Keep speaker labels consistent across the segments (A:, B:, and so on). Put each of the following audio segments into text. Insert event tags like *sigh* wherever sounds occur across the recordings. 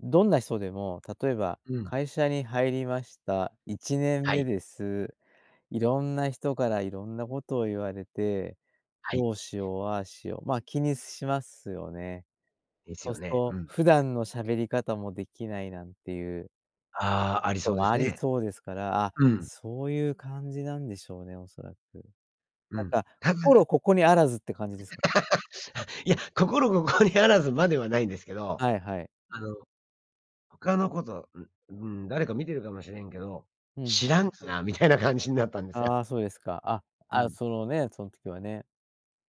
A: どんな人でも例えば
B: うん。
A: 会社に入りました、いちねん
B: は
A: め
B: い。
A: です。いろんな人からいろんなことを言われて、
B: はい。
A: どうしよう、ああしよう、ま、気にすしますよね。
B: です
A: そ
B: よ
A: す
B: ね。
A: と、
B: うん。
A: 普段の喋り方もできないなんていう
B: ああ、
A: こ
B: あり
A: と
B: そうで
A: も
B: す
A: あり
B: ね。
A: そうですから、あ、
B: うん。
A: そういう感じなんでしょうね、おそらく。
B: う
A: なん
B: ん、
A: か
B: たかが *laughs* あ、
A: 心ここにあらずって感じですか？
B: いや、心ここにあらずまではないんですけど、
A: はいはい。
B: あの、他のことう、うーん、誰か見てるかもしれんけど、
A: うん。
B: 知らんかなみたいな感じになったんですよ。
A: ああ、そうですか。あ、
B: う
A: あ、
B: ん。
A: そのね、そん時はね。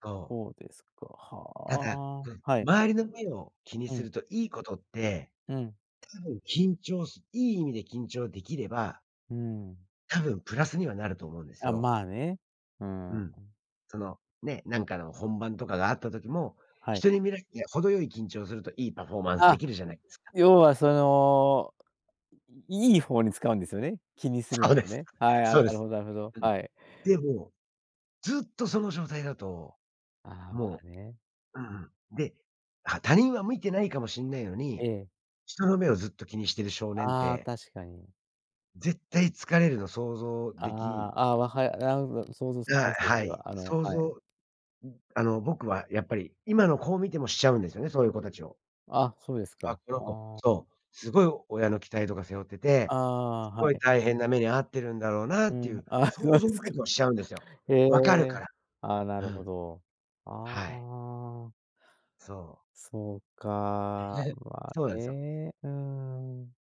B: そう。
A: そうですか。は、
B: ただ、
A: ああ。
B: うん、
A: はい。
B: 周りの目を気に
A: う
B: す
A: ん。
B: るといいことって、
A: うん。
B: 多分緊張すいい意味で緊張できれば
A: うーん。
B: 多分プラスにはなると思うんです
A: あ、
B: よ。
A: まあね。うん、う。
B: うん。その、ね、なんかの本番とかがあった時も、
A: はい。
B: 人に見らいや、程よい緊張するといいパフォーマンスで
A: あ、
B: きるじゃないですか。
A: 要はその、いいいいほうに使うんですよね、気にする、
B: そうで
A: を
B: す、
A: ね。はい、あ、
B: そう
A: な
B: で
A: る
B: す。
A: ほどなるほど、
B: うん。
A: はい。
B: でも、ずっとその状態だと、
A: ああ、ま
B: も
A: あね。
B: ううんうん。で、は他人は見てないかもしんないの
A: え
B: に、
A: え。
B: 人の目をずっと気にしてる少年っ
A: ああ、
B: て
A: 確かに。
B: 絶対疲れるの想像でき
A: ああ、あ、わはい、なるほど想像つき
B: あ
A: ます、
B: あ、
A: そ
B: は
A: れ
B: い。
A: は、あの、
B: 想
A: はい。
B: 像ん、あの、僕はやっぱり今の子を見てもしちゃうんですよね、そういう子たちを
A: あ、そうですか。
B: あ、この子、
A: ああ。
B: そう、すごい親の期待とか背負って
A: あ
B: て、
A: あ、
B: す
A: は
B: ごい
A: い。
B: 大変な目に遭ってるんだろうなっ
A: う
B: てい
A: ん、
B: う
A: ああ、そうな
B: 想
A: ん
B: 像、
A: です
B: 僕
A: か。
B: はしちゃうんですよ。
A: へ
B: 分かる
A: え、
B: から。
A: ああ、な
B: う
A: るほ
B: ん。
A: ど。あ
B: はい。
A: あ。
B: そう。
A: そう
B: で、
A: か、
B: れ、
A: ま
B: そう
A: あ
B: なんすよ。
A: ね、うん。